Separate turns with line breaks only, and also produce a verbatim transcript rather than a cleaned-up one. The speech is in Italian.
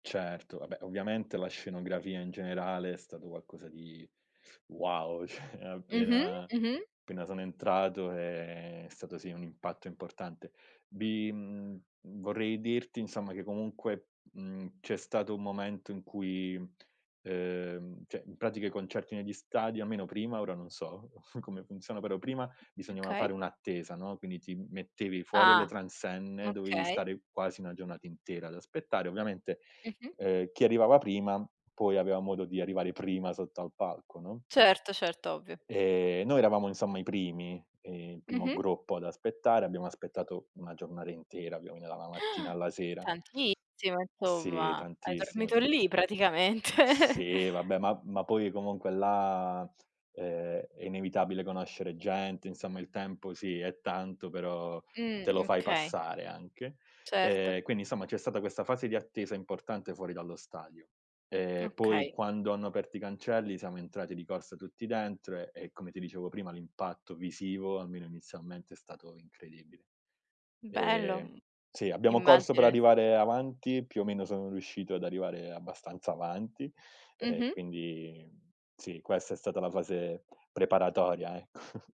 Certo, vabbè ovviamente la scenografia in generale è stato qualcosa di wow, cioè
Mh-mh.
appena
Mh-mh.
appena sono entrato è stato sì un impatto importante. Vi mhmm, vorrei dirti insomma che comunque, mhmm, c'è stato un momento in cui uhm, cioè in pratica i concerti negli stadi, almeno prima, ora non so come funziona, però prima bisognava
Okay.
fare un'attesa, no, quindi ti mettevi fuori alle
Ah.
transenne, dovevi
Okay.
stare quasi una giornata intera ad aspettare. Ovviamente,
Mh-mh.
uhm, chi arrivava prima poi aveva modo di arrivare prima sotto al palco, no.
Certo, certo, ovvio.
Ehm, noi eravamo insomma i primi, ehm, il primo
Mh-mh.
gruppo ad aspettare, abbiamo aspettato una giornara intera, quinni dalla mattina alla sera.
Tantissimo,
Sì,
insomma. Hai
tantissimo
dormito
tan
lì
Uhm,
praticamente.
sì vabbè, ma ma poi comunque là, uhm, è inevitabile conoscere gente, insomma il tempo sì è tanto, però te
Mh,
lo fai
okay.
passare anche.
Certo.
Ehm, quindi insomma c'è stata questa fase di attesa importante fuori dallo stadio. Ehm, poi
Okay.
quando hanno aperto i cancelli siamo entrati di corsa tutti dentro, e come ti dicevo prima l'impatto visivo, almeno inizialmente, è stato incredibile.
Bello,
Ehm,
mhmm,
sì abbiamo corso per
immagino, sì.
arrivare avanti, più o meno sono riuscito ad arrivare abbastanza avanti e
Mh-mh.
quindi sì, questa è stata la fase preparatoria ecco.